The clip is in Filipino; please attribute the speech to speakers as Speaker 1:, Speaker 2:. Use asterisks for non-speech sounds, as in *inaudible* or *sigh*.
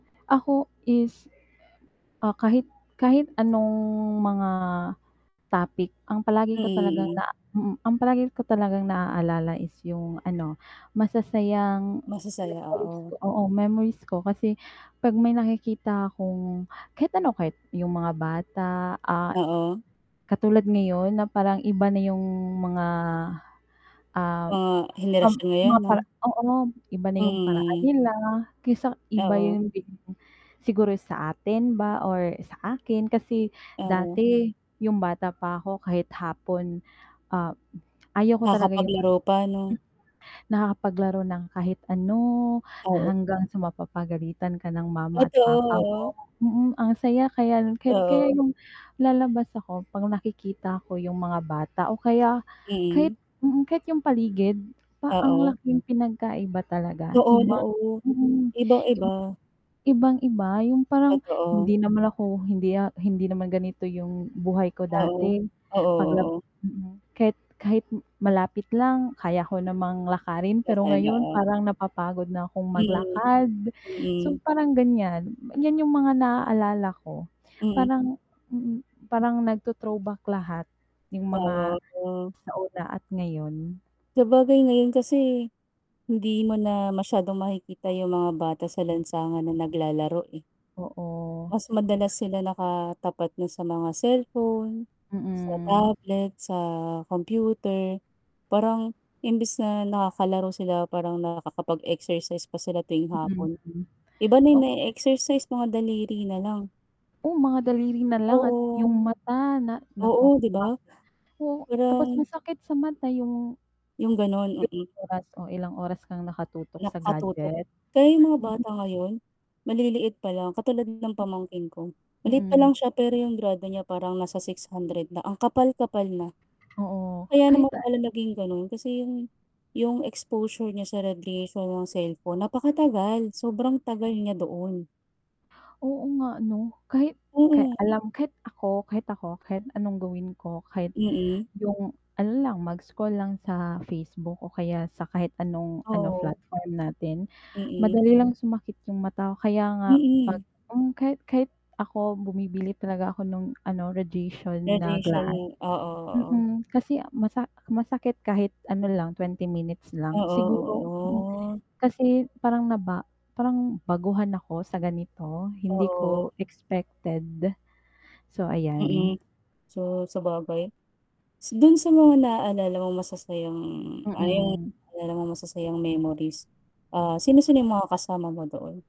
Speaker 1: Ako is, ah, kahit kahit anong mga topic ang palagi ko talagang
Speaker 2: Ey.
Speaker 1: na mm, ang palagi ko talagang naaalala is yung ano, masasayang
Speaker 2: Masasaya,
Speaker 1: memories
Speaker 2: oo.
Speaker 1: ko, oo, memories ko. Kasi 'pag may nakikita akong, kahit ano kahit yung mga bata, ah,
Speaker 2: Oo.
Speaker 1: katulad ngayon na parang iba na yung mga, ah,
Speaker 2: Mga
Speaker 1: pam
Speaker 2: henerasyon ngayon, 'no?
Speaker 1: mapa oo ngan, iba na yung paraan
Speaker 2: Mm.
Speaker 1: nila, kaysa iba
Speaker 2: Oo.
Speaker 1: yun din siguro sa atin ba or sa akin. Kasi
Speaker 2: Oo.
Speaker 1: dati yung bata pa ako kahit hapon, ah, hmm, ayaw ko talaga yung
Speaker 2: Nakapaglaro pa, 'no?
Speaker 1: hmm, nakakapaglaro ng kahit ano,
Speaker 2: Oo.
Speaker 1: hanggang sa mapapagalitan ka ng mama at papa
Speaker 2: Totoo.
Speaker 1: mo. Mm, ang saya kaya kahit kaya
Speaker 2: Oo.
Speaker 1: yung lalabas ako 'pag nakikita ko yung mga bata o kaya kahit
Speaker 2: Mm.
Speaker 1: mm, kahit yung paligid, pa ang
Speaker 2: Oo.
Speaker 1: laking pinagkaiba talaga.
Speaker 2: Noon,
Speaker 1: Iba
Speaker 2: oo,
Speaker 1: mm, ib
Speaker 2: iba-iba.
Speaker 1: ibang-iba yung parang
Speaker 2: Totoo.
Speaker 1: hindi naman ako, hindi ya hindi naman ganito yung buhay ko
Speaker 2: Oo.
Speaker 1: dati,
Speaker 2: Oo,
Speaker 1: paglab
Speaker 2: oo.
Speaker 1: mm, kahit kahit malapit lang kaya ko namang lakarin, pero
Speaker 2: Nakay
Speaker 1: ngayon
Speaker 2: naa
Speaker 1: parang napapagod na akong
Speaker 2: Mm,
Speaker 1: maglakad. So,
Speaker 2: mm.
Speaker 1: parang ganyan, ganyan yung mga naaalala ko.
Speaker 2: Mm.
Speaker 1: Parang mm, parang nagto-throwback lahat yung mga
Speaker 2: *unintelligible*
Speaker 1: sa una at ngayon.
Speaker 2: Sabagay, ngayon kasi hindi mo na masyadong makikita yung mga bata sa lansangan na naglalaro, eh.
Speaker 1: Oo.
Speaker 2: Mas madalas sila nakatapat na sa mga cellphone, sa
Speaker 1: Mm.
Speaker 2: tablet, sa kompyuter. Parang imbis na nakakalaro sila parang nakakapag-exercise pa sila tuwing
Speaker 1: Mm,
Speaker 2: hapon.
Speaker 1: hmm,
Speaker 2: Iba na 'yong
Speaker 1: ok
Speaker 2: nae-exercise, mga daliri na lang.
Speaker 1: Oh, mga daliri na lang at
Speaker 2: Oo.
Speaker 1: yung mata na nako
Speaker 2: Oo, 'di
Speaker 1: pa
Speaker 2: ba,
Speaker 1: oh, tapos
Speaker 2: parang
Speaker 1: masakit sa mata yung
Speaker 2: Yung gano'n,
Speaker 1: Yung
Speaker 2: mm.
Speaker 1: oras o ilang oras kang nakatutok sa
Speaker 2: Nakatutok.
Speaker 1: gadget.
Speaker 2: Kaya yung mga
Speaker 1: Mhm.
Speaker 2: bata ngayon, maliliit pa lang katulad ng pamangkin ko, maliit pa
Speaker 1: Mm.
Speaker 2: lang siya pero yung grado niya parang nasa 600 na ang kapal-kapal na.
Speaker 1: Oo,
Speaker 2: Kaya
Speaker 1: kahit
Speaker 2: naman
Speaker 1: na
Speaker 2: pala naging gano'n kasi yung yung exposure niya sa radiation ng cellphone napakatagal, sobrang tagal niya doon.
Speaker 1: Oo, nga, 'no? Kahit kay
Speaker 2: Mm.
Speaker 1: alam kahit ako, kahit ako, kahit anong gawin ko kahit
Speaker 2: Mm.
Speaker 1: yung ano lang mag-scroll lang sa Facebook o kaya sa kahit anong ano,
Speaker 2: Oo.
Speaker 1: platform natin.
Speaker 2: Mm.
Speaker 1: Madali lang sumakit yung mata, kaya nga 'pag
Speaker 2: Mm.
Speaker 1: hmm, kahit kahit ako bumibili talaga ako nung ano radiation na
Speaker 2: Radiation
Speaker 1: glass.
Speaker 2: ng oo, oo.
Speaker 1: Mm, kasi masa masakit kahit ano lang, 20 minutes
Speaker 2: Oo,
Speaker 1: lang. Siguro mm,
Speaker 2: oh, oh.
Speaker 1: kasi parang naba parang baguhan ako sa ganito hindi
Speaker 2: Oo.
Speaker 1: ko expected. So, ayan.
Speaker 2: Mm. So, sabagay s dun sa mga naaalala mong masasayang ah, yung
Speaker 1: Mm.
Speaker 2: naalala mong masasayang memories. Ah, sino-sino yung mga kasama mo doon?